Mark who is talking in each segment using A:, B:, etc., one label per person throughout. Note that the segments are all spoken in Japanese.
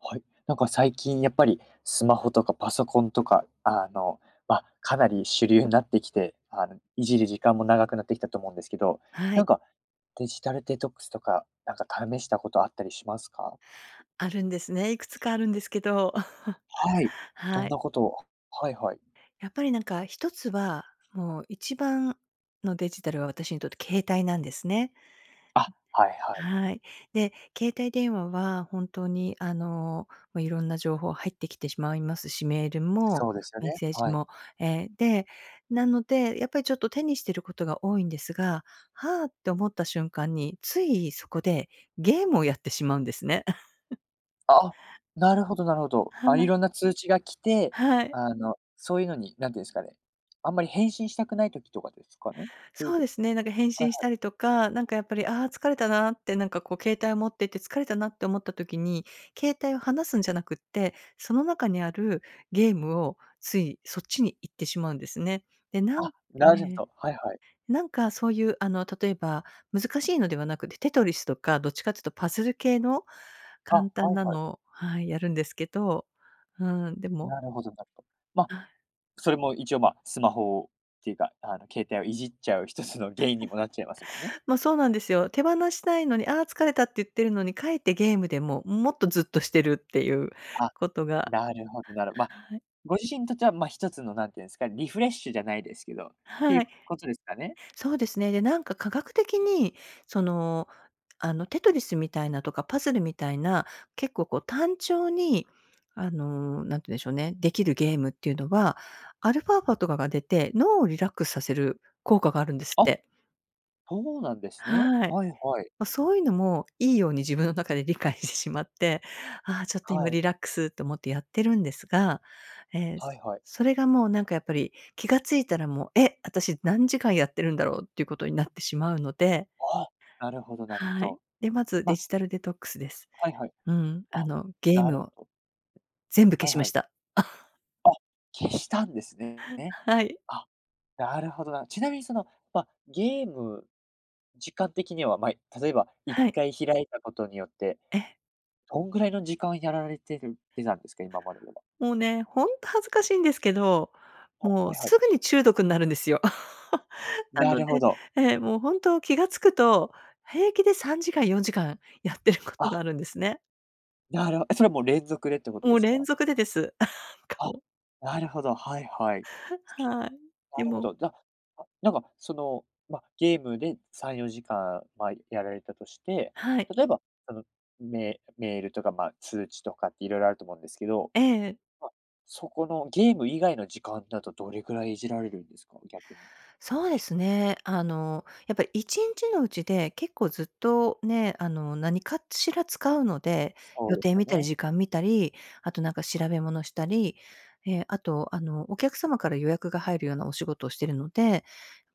A: はい、なんか最近やっぱり、スマホとかパソコンとか、あの、ま、かなり主流になってきて、あの、いじる時間も長くなってきたと思うんですけど、
B: は
A: な
B: い。
A: んか、デジタルデトックスとか、なんか試したことあったりしますか？
B: あるんですね。いくつかあるんですけど。
A: はい。ど
B: は
A: ん
B: い。
A: なことを？はいはい。
B: やっぱりなんか、1つは、もう一番のデジタルは私にとって携帯なんですね。
A: あ、はいはい。
B: はい。で、携帯電話は、本当に、あの、ま、いろんな情報入ってきてしまいますし、メールも、
A: そうですよ
B: メ
A: ね。
B: ッセージ
A: はい。
B: も。え、で、なので、やっぱりちょっと手にしてることが多いんですが「はあ」って思った瞬間に、ついそこでゲームをやってしまうんですね。
A: あ、なるほどなるほど。
B: は
A: あ、
B: あ。
A: 色んな通知が来て、
B: はい。
A: あの、そういうのに、何て言うんですかね、あんまり返信したくない時とかですかね？という
B: そう
A: と
B: ですね、なんか返
A: はい
B: 信し
A: はい。
B: たりとか、なんかやっぱり、ああ、疲れたなってなんかこう携帯を持ってて疲れたなって思った時に、携帯を放すんじゃなくって、その中にあるゲームをついそっちに行ってしまうんですね。で、なん
A: あ、なるほ
B: ええ。
A: と、はいはい。
B: なんかそういうあの例えば難しいのではなくて、テトリスとかどっちかっつうとパズル系の
A: あ、
B: 簡
A: は
B: 単
A: い
B: な
A: はい。
B: の、はい、やるんですけど。うん。でも
A: なるほどなるほど。ま、
B: はい。
A: それも一応、ま、スマホっていうかあの携帯をいじっちゃう一つの原因にもなっちゃいますもんね。
B: ま、そうなんですよ。手放したいのに「ああ、疲れた」って言ってるのに、かえってゲームでもう、もっとずっとしてるっていう
A: あ、
B: ことが
A: なるほどなるほど。ま、
B: はい。
A: ご自身にとっては、ま、1つのなんて言うんですか、リフレッシュじゃないですけど、てい
B: は
A: う
B: い。
A: ことですかね？
B: そうですね。で、なんか科学的にその、あのテトリスみたいなとか、パズルみたいな、結構こう単調に、あの、何て言うんでしょうね、できるゲームっていうのは、アルファ波とかが出て、脳をリラックスさせる効果があるんですっ
A: あ、
B: て。
A: そうなんですね。
B: はい。
A: はいはい。
B: ま、そういうのもいいように自分の中で理解してしまって、「ああ、ちょっと
A: は
B: 今
A: い。
B: リラックス」って思ってやってるんですが、え、
A: はいはい。
B: それがもうなんかやっぱり気が付いたらもう「え、私何時間やってるんだろう」っていうことになってしまうので
A: ああ、なるほどなるほ
B: はい。
A: ど。
B: で、まずデ
A: ま
B: ジタルデトックスです。
A: はいはい。
B: うん、あ
A: あ、
B: の、ゲー
A: な
B: ム
A: る
B: を
A: ほど。
B: 全部消
A: はい
B: しま
A: は
B: し
A: い。
B: た。
A: あ、消したんですねね。
B: はい。
A: あ、なるほどな。ちなみにその、ま、ゲーム、時間的にはまい例えば一
B: はい。
A: 回開いたことによって、
B: え。
A: どんぐらいの時間をやられてるてなんですか？今まででは。
B: もうね、ほんと恥ずかしいんですけど、
A: あ、
B: もう
A: はいはい。
B: すぐに中毒んなるんですよ。な
A: な
B: の
A: るほ
B: で
A: ど。
B: ええ、もう本当気が付くと、平気で3時間、4時間やってることが
A: あ。
B: あるんですね。
A: なるほそれはもう連続でってこと
B: も
A: で
B: う
A: す
B: 連
A: か？
B: 続でです。か
A: あ、
B: もう。
A: なるほど。はいはい。
B: はい、
A: な
B: で
A: るほ
B: も
A: ど。じゃ、あ、なんかその、ま、ゲームで3、4時間ま、やられたとして、
B: はい。
A: 例えば、そのメメールとかま通知とかって色々あると思うんですけど。
B: ええええ。
A: ま、そこのゲーム以外の時間だとどれくらいいじられるんですか？逆に。
B: そうですね。あの、やっぱり、1日のうちで、結構ずっとね、あの、何かしら使うので、
A: そ
B: 予
A: うで
B: 定
A: すよ
B: 見たり
A: ね。
B: 時間見たり、あと、なんか調べ物したり、え、あと、あの、お客様から予約が入るようなお仕事をしてるので、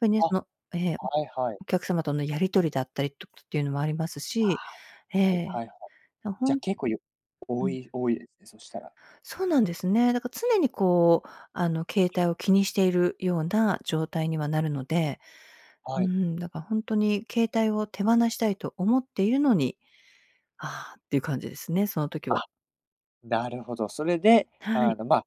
B: やっぱりね、
A: あ、
B: そのええ、
A: はいはい。
B: お客様とのやり取りだったりとと、ていうのもあります
A: あ、
B: し、え
A: じゃ、い
B: え、
A: はいはい。
B: だ
A: じ
B: ほ
A: ゃ
B: ん
A: 結構ゆ
B: う
A: 多
B: ん。
A: い多いでそしたら。
B: そうなんですね。だか常にこう、あの、携帯を気にしているような状態にはなるので、う
A: はい。
B: ん、だからほんとに携帯を手放したいと思っているのに、ああっていう感じですね、その時
A: あ、
B: は。
A: なるほど。それで、
B: は
A: あ
B: い。
A: の、ま、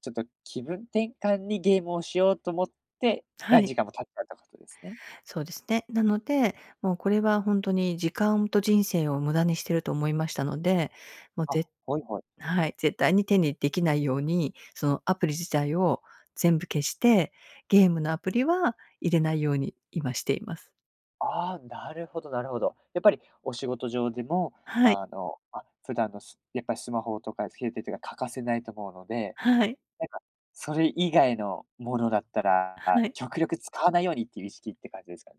A: ちょっと気分転換にゲームをしようと思って、
B: は
A: 何
B: い。
A: 時間も経ったとことですね。
B: そうですね。なので、もうこれはほんとに、時間と人生を無駄にしてると思いましたので、もう、
A: あ、
B: ぜ
A: はいはい。
B: はい、絶対に手にできないように、その、アプリ自体を全部消して、ゲームのアプリは入れないように今しています。
A: ああ、なるほどなるほど。やっぱりお仕事上でも、
B: はい。
A: あの、ま、普段のすやっぱりスマホとか携帯とか欠かせないと思うので、
B: はい。
A: なんかそれ以外のものだったら、
B: はい。
A: 極力使わないようにっていう意識って感じですか。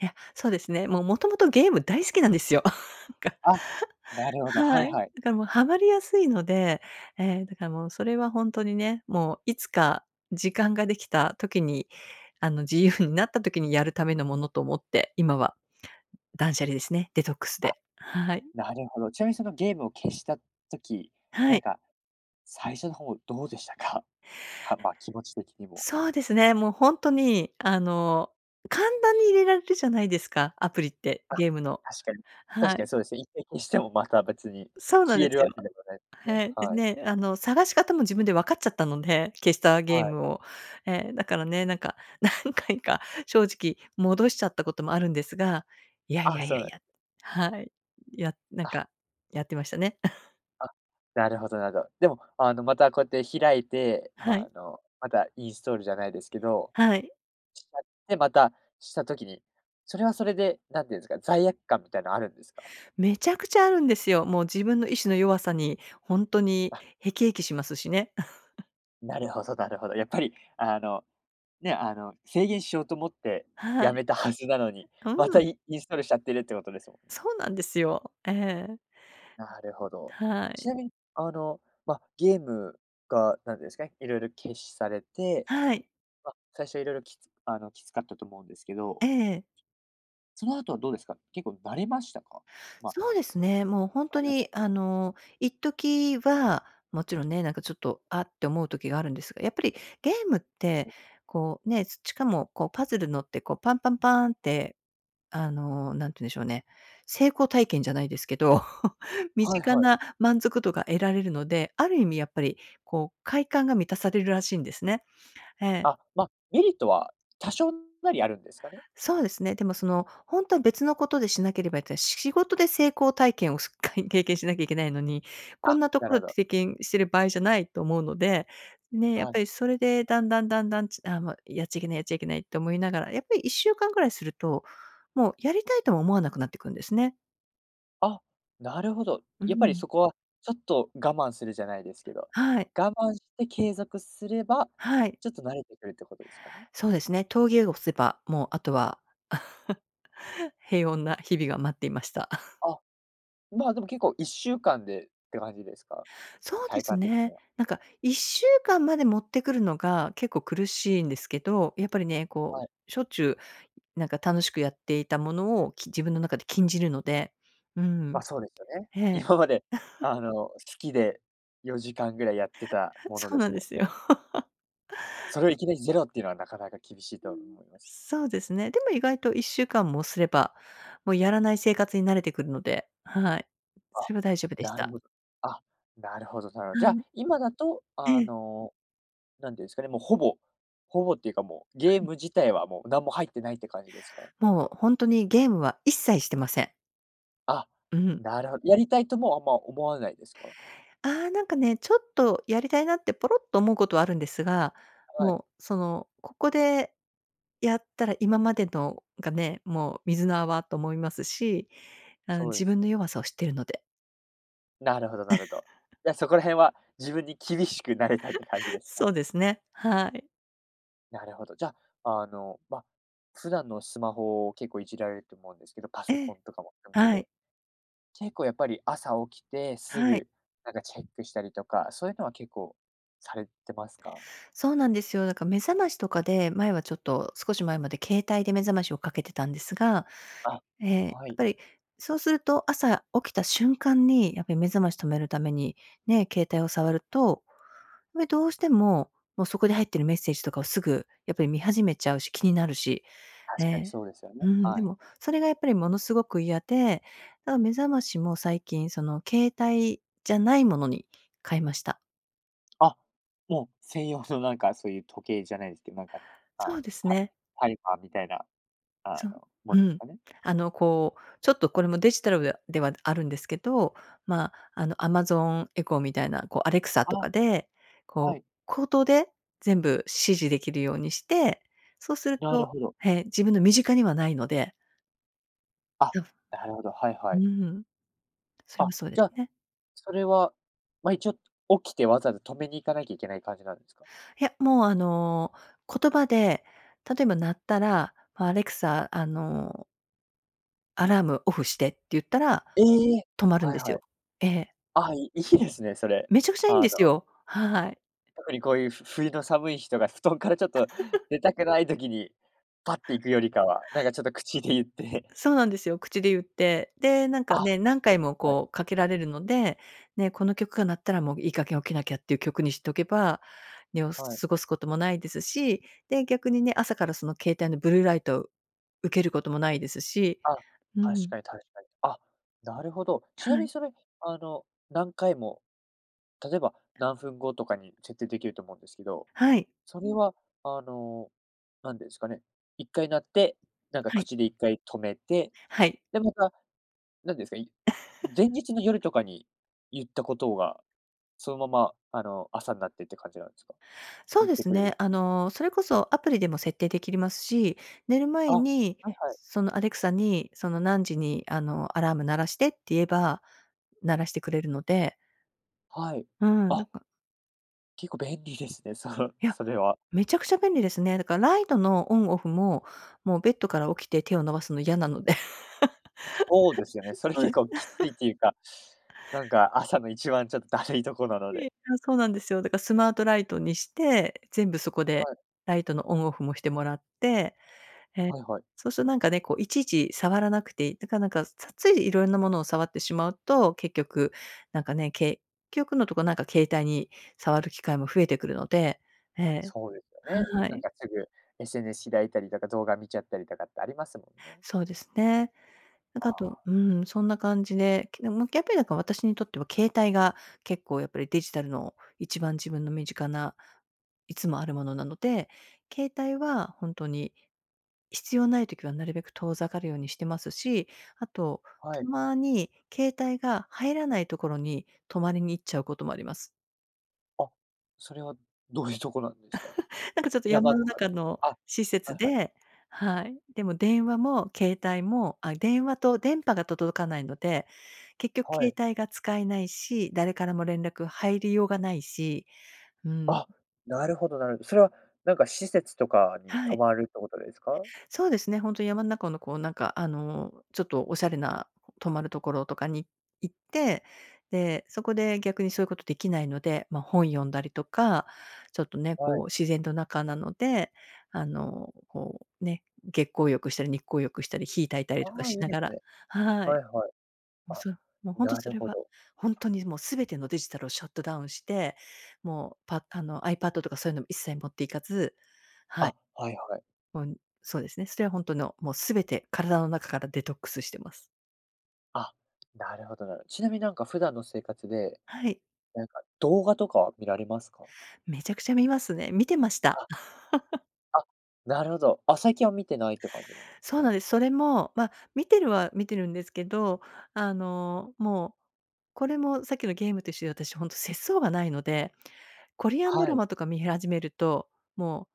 B: いや、そうですね、もうもともとゲーム大好きなんですよ。なんか
A: あ、なるほど。は
B: は
A: い
B: い、
A: はい。
B: だからもうハマりやすいので、ええ、だからもうそれはほんとにね、もういつか時間ができた時に、あの、自由になった時にやるためのものと思って、今は断捨離ですね。デトックス
A: あ、
B: で。はい。
A: なるほど。ちなみにそのゲームを消した時、
B: は
A: な
B: い。
A: んか最初の方どうでしたか？はま、気持ち的にも。
B: そうですね、もうほんとに、あの、簡単に入れられるじゃないですか、アプリって、
A: あ、
B: ゲームの。
A: 確かに、確
B: は
A: か
B: い。
A: にそうですね。一回消してもまた別に
B: そうなん
A: 消
B: で
A: える
B: す
A: わ
B: よ。
A: けでもないですね。
B: へい。で
A: はい。
B: ね、あの、探し方も自分で分かっちゃったので、消したゲ
A: は
B: ー
A: い。
B: ムを。ええ、だからね、なんか何回か正直戻しちゃったこともあるんですが、いやい
A: あ、
B: やい
A: そ
B: や
A: う
B: い
A: なん
B: や、はい、や、なん
A: あ。
B: かやってましたね。
A: あ、なるほどなるほど。でも、あの、またこうやって開いて、
B: はい。
A: あの、またインストールじゃないですけど、
B: はい。
A: しちゃって、また、した時に、それはそれで何て言うんですか、罪悪感みたいなのあるんですか？
B: めちゃくちゃあるんですよ。もう自分の意志の弱さに、ほんとに
A: あ。
B: 辟易しますしね。
A: なるほどなるほど。やっぱりあの、ね、あの、制限しようと思って
B: はい。
A: 辞めたはずなの に、ま
B: うん。
A: たイインストールしちゃってるってことですもんね。
B: そうなんですよ。ええ。
A: なるほど。
B: はい。
A: ちなみにあの、ま、ゲームが、なんですかね、色々禁止されて、
B: はい。
A: ま、最初色々きつあのきつかったと思うんですけ
B: え
A: ど。
B: え。
A: その後はどうですか？結構慣れましたか？ま
B: そうですね、もうほんと
A: やらな
B: に
A: いこ
B: あ
A: とに。
B: の、一時は、勿論ね、なんかちょっと、あって思う時があるんですが、やっぱりゲームって、こう、ね、すちかもこう、パズルのってこう、パンパンパンって、あの、何て言うんでしょうね、成功体験じゃないですけど、身
A: はい
B: 近
A: はい。
B: な満足度が得られるので、ある意味やっぱりこう、快感が満たされるらしいんですね。ええ。
A: あ、ま、メリットは多少なりあるんですかね。
B: そうですね。でも、その、ほんとは別の事でしなければいて、し仕事で成功体験をすっか経験しなきゃいけないのに、こん
A: あ、
B: なと
A: な
B: こ
A: る
B: ろ
A: ほど。
B: 経験してる場合じゃないと思うので、ね、やっ
A: はい。
B: ぱりそれで、段々段々ちあ、ま、やっちゃいけない、やっちゃいけないって思いながら、やっぱり1週間ぐらいすると、もう、やりたいとも思わなくなってくるんですね。
A: あ、なるほど。
B: う
A: やっぱり
B: ん。
A: そこは、ちょっと我慢するじゃないですけど。
B: はい。
A: 我慢して継続すれば、
B: はい。
A: ちょっと慣れてくるってことですかね？
B: そうですね。峠を伏せば、もうあとは、平穏な日々が待っていました。
A: あ、まあでも結構1週間でって感じですか？
B: そうで
A: 体
B: す
A: 感的に
B: ね。
A: は。
B: なんか、1週間まで持ってくるのが結構苦しいんですけど。やっぱりね、こ
A: はい。
B: う、しょっちゅうなんか楽しくやっていたものを、き自分の中で禁じるので、うーん。
A: ま、そうですよね。
B: へえ。
A: 今まであ の、好きで4時間ぐらい、やってた もの
B: そう
A: で
B: な
A: す
B: んで
A: も
B: す
A: ん
B: よ。
A: ね。それをいきなりゼロってのは、なかなか厳しい
B: うー
A: と
B: ん。
A: 思います。
B: そうですね。でも意外と1週間もすれば、もうやらない生活に慣れてくるので。はい、
A: あ、
B: それは大丈夫でし
A: なる
B: た。
A: ほど。あ、なるほどなるほど。じ
B: は
A: ゃ、
B: い。
A: 今だと、
B: え
A: あ
B: え。
A: の、なんて言うんすかね、もうほぼほぼっていうか、もう、
B: は
A: ゲー
B: い。
A: ム自体はもうなんも入ってないって感じですか？
B: もうほんとにゲームは、一切してません。
A: あ、
B: うん。
A: なるほど、やりたいともあんま思わないですか？
B: あ、なんかね、ちょっとやりたいなって、ポロッと思うことはあるんですが、
A: はい。
B: もうその、ここでやったら今までのがね、もう、水の泡と思いますし、あの、
A: そうで
B: 自
A: す
B: 分の
A: ね。
B: 弱さを知ってるので。
A: なるほどなるほど。じゃ、そこら辺は自分に厳しくなれたって感じ ですか？
B: そうですね、はい。
A: なるほど、じゃあ、あの、ま、普段のスマホを結構いじられると思うんですけど、パソ
B: ええ、
A: コンとかも含め
B: はい。
A: て。結構やっぱり朝起きてす
B: はい。
A: ぐ、なんかチェックしたりとか、そういうのは結構されてますか？
B: そうなんですよ。だから目覚ましとかで、前はちょっと、少し前まで携帯で目覚ましをかけてたんですが、
A: あ、
B: ええ、やっ
A: はい。
B: ぱり、そうすると朝起きた瞬間に、やっぱり目覚まし止めるために、ね、携帯を触ると、これどうしても、もうそこで入ってるメッセージとかをすぐやっぱり見始めちゃうし、気になるし、え
A: 確かに
B: え
A: そうですよね。
B: うん、で
A: はい。
B: も、それがやっぱりものすごく嫌で、な、目覚ましも最近その、携帯じゃないものに変えました。
A: あ、もう専用のなんか、そういう時計じゃないですけど、なんか、あ
B: そ
A: の、
B: うです
A: タ
B: ね。
A: タイマーみたいな、あ
B: そう、
A: の、も
B: う
A: のす
B: ん、
A: かね。
B: あの、こう、ちょっとこれもデジタルウェアではあるんですけど、まあ、あの、Amazon Echo みたいな、こう Alexa と
A: あ、
B: かで、こ
A: は
B: う
A: い。
B: 口頭で全部指示できるようにして、そうする
A: なる
B: と
A: ほど。
B: へえ、自分の身近にはないので
A: あ、
B: ぞふ、
A: なるほど。はいは
B: う
A: い。
B: ん。それ
A: あ、
B: もそうで
A: じゃ
B: す
A: あ、
B: ね。
A: それはまあ、一応起きて、わざわざ止めに行かなきゃいけない感じなんですか？
B: いや、もうあの言葉で、例えば鳴ったら、「あ、アレクサ、あの」「アラームオフして」って言ったら、
A: ええ。
B: 止まるん
A: はい
B: です
A: は
B: よ。
A: い。
B: ええ。
A: あ、いいいですね、それ。
B: めちゃくちゃいいん
A: あ
B: です
A: の
B: よ、はい。
A: 特に、こういうふ冬の寒い日とか布団からちょっと 出たくない時に、パッて行くよりかは、なんか、ちょっと口で言って。
B: そうなんですよ、口でゆって、で、なんか
A: あ、
B: ね、何回も
A: はい。
B: こう、かけられるので、ね、この曲が鳴ったら、もういい加減起きなきゃっていう曲にしとけば、ね、お
A: はい。
B: 過ごすこともないですし、で、逆にね、朝からその携帯のブルーライトを受けることもないですし、
A: あ、
B: う
A: 確
B: ん。
A: かに確かに。あ、なるほど。ちな
B: は
A: み
B: い。
A: にそれ、あの何回も、例えば何分後とかに設定できると思うんですけど、
B: はい。
A: それはあの、何て言うんすかね、1回鳴って、なんか、
B: はい。
A: 口で1回止めて、
B: はい。
A: で、また、なんですか、い 前日の夜とかに言ったことが、そのまま、あの朝んなってって感じなんですか？
B: そう
A: 言っ
B: で
A: て
B: す
A: くれ
B: ね。
A: る。
B: あの、それこそアプリでも設定できりますし、寝る
A: あ、
B: 前
A: は
B: に、
A: いはい。
B: そのアレクサに、その「何時にあの、アラーム鳴らして」って言えば、鳴らしてくれるので。
A: はい、
B: うん、なん
A: あ
B: か
A: 結構便利ですね、その、
B: いや、
A: それは。
B: めちゃくちゃ便利ですね。だからライトのオンオフも、もうベッドから起きて手を伸ばすの嫌なので。
A: そうですよね。それ、
B: そう
A: 結
B: です。
A: 構きついっていうか、なんか、朝の一番ちょっと怠いとこなの
B: い
A: で。
B: え、あ、そうなんですよ。だか、スマートライトにして、全部そこで、
A: はい。
B: ライトのオンオフもしてもらって、え、
A: はいはい。
B: そうするとなんかね、こう、いちいち触らなくていい、だから、なんか、つつい色んな物を触ってしまうと、結局なんかね、結局のとこ、なんか携帯に触る機会も増えてくるので、ええ、
A: そうですよね。
B: は
A: なん
B: い。
A: かすぐ SNS 開いたりとか、動画見ちゃったりとかってありますもんね。
B: そうですね。なん
A: あ
B: かあと、
A: あ。
B: うん、そんな感じで、けでも、やっぱりだから、私にとっては携帯が結構やっぱり、デジタルの一番自分の身近ないつもある物なので、携帯は本当に必要ない時はなるべく遠ざかるようにしてますし、あと
A: は
B: た
A: い。
B: まに、携帯が入らない所に泊まりに行っちゃうこともあります。
A: あ、それはどういうとこなんですか？
B: なんかちょっと山
A: 山
B: の
A: とか、
B: 中の
A: あ、
B: 施
A: は
B: 設
A: いはい。
B: で、はい。でも電話も携帯も、あ、電話と電波が届かないので、結局
A: は
B: 携
A: い。
B: 帯が使えないし、誰からも連絡入りようがないし、うん。
A: あ、なるほどなるほど。それはなんか施設とかに
B: は
A: 泊
B: い。
A: まるってことですか？
B: そうですね、本当に山の中のこうなんか、あの、ちょっとおしゃれな泊まるところとかに行って、で、そこで逆にそういうことできないので、ま、本読んだりとか、ちょっとね、
A: は
B: こう
A: い。
B: 自然と中なので、あの、こう、ね、月光浴したり日光浴したり火焚いたり
A: あ
B: とか
A: あ、
B: し
A: いい
B: な
A: で
B: が
A: す
B: ら、
A: ね。
B: は
A: は
B: い。
A: いはい。
B: もう
A: あ、
B: そう、もう本当
A: な
B: そ
A: る
B: れ
A: ほ
B: は
A: ど。
B: 本当にもう全てのデジタルをシャットダウンして、もうパあのアイパッドとかそういうのも一切持って行かず、はい。
A: あ、はいはい。
B: もう、ん、そうですね。それは本当のもう全て体の中からデトックスしてます。
A: あ、なるほどなるほど。ちなみになんか普段の生活で、
B: はい。
A: なんか、動画とかは見られますか？
B: めちゃくちゃ見ますね。見てました。
A: あ。あ、なるほど。あ、最近は見てないって感じなんです
B: そう
A: か？
B: なんです。それも、ま、見てるは見てるんですけど、あの、もう、これもさっきのゲームと一緒で私本当節想がないので、コリアンド
A: は
B: ラ
A: い。
B: マとか見始めると、も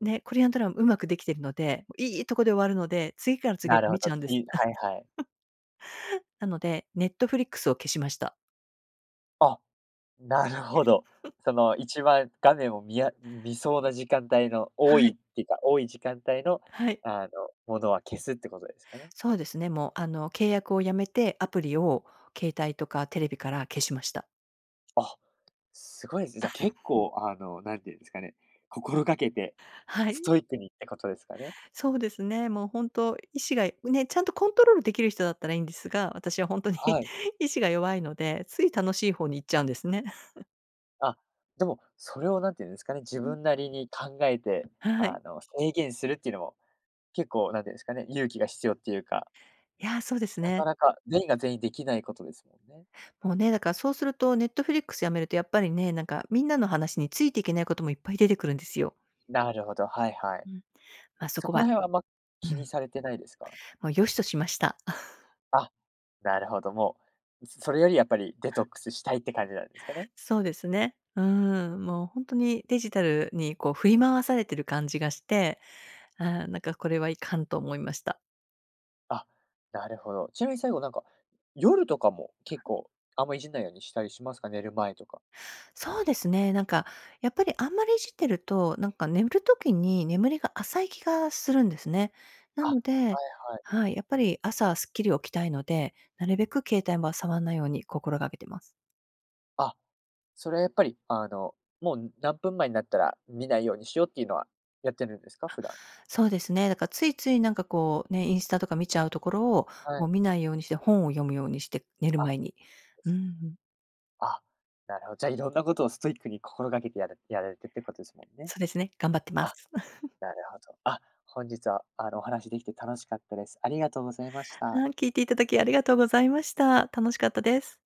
B: う、ね、コリアンドラマうまくできてるので、いいとこで終わるので、次から次へ
A: な
B: と
A: るほ
B: 見ち
A: ど。
B: ゃうんで
A: 次、
B: す。
A: はいはい。
B: なので、ネットフリックスを消しました。
A: あ、なるほど。その、一番画面をみや見そうな時間帯の
B: は
A: 多
B: い。
A: いってか、多い時間帯の、
B: はい。
A: あの、ものは消すって事ですかね？
B: そうですね、もうあの契約をやめて、アプリを携帯とかテレビから消しました。
A: あ、すごいですね。じゃ、
B: あ
A: 結構、あの、何て言うんですかね、心掛けて
B: は
A: ス
B: い。
A: トイックにってことですかね？
B: そうですね。もうほんと意志がいね、ちゃんとコントロールできる人だったらいいんですが、私はほんとに
A: はい。
B: 意志が弱いので、つい楽しい方に行っちゃうんですね。
A: あ、でも、それを何て言うんですかね、自
B: うん。
A: 分なりに考えて、
B: はい。
A: あの制限するっていうのも、結構何て言うんですかね、勇気が必要っていうか
B: いや、そうです
A: なか
B: ね。
A: なか、全員が全員出来ないことですもんね。
B: もうね、だからそうすると Netflix 辞めるとやっぱりね、なんかみんなの話についてけないこともいっぱい出てくるんですよ。
A: なるほど、はいはい。
B: うん。ま、そ
A: そ
B: こ
A: こ
B: は
A: ら辺はあんま
B: う
A: 気に
B: ん。
A: されてないですか？
B: もう、良しとしました。
A: あ、なるほど。もう、それよりやっぱりデトックスしたいって感じなんですかね？
B: そうですね。うーん、もう本当にデジタルにこう振り回されてる感じがして、あ、なんかこれはいかんと思いました。
A: あ、なるほど。ちなみに最後なんか、夜とかも結構、あんまいじんないようにしたりしますか？寝る前とか。
B: そうですね、なんか、やっぱりあんまりいじってると、なんか眠る時に眠りが浅い気がするんですね。な
A: あ、
B: ので、
A: はいはい。
B: はい、やっぱり朝すっきり起きたいので、なるべく携帯、ま、触んないように心がけてます。
A: あ、それはやっぱり、あのもう何分前になったら見ないようにしようっていうのはやってるんですか？
B: あ、
A: 普段。
B: そうですね。だからついついなんかこうね、インスタとか見ちゃうところを
A: はい。
B: もう見ないようにして、本を読むようにして、寝る
A: あ、
B: 前に。うー
A: そし
B: ん。
A: あ、なるほど。じゃあ色んなことをストイックに心がけてやるやられてるってことですもんね。
B: そうですね、頑張ってま
A: あ、
B: す。
A: なるほど。あ、本日はあのお話できて楽しかったです。ありがとうございました。
B: はい。聞いていただきありがとうございました。楽しかったです。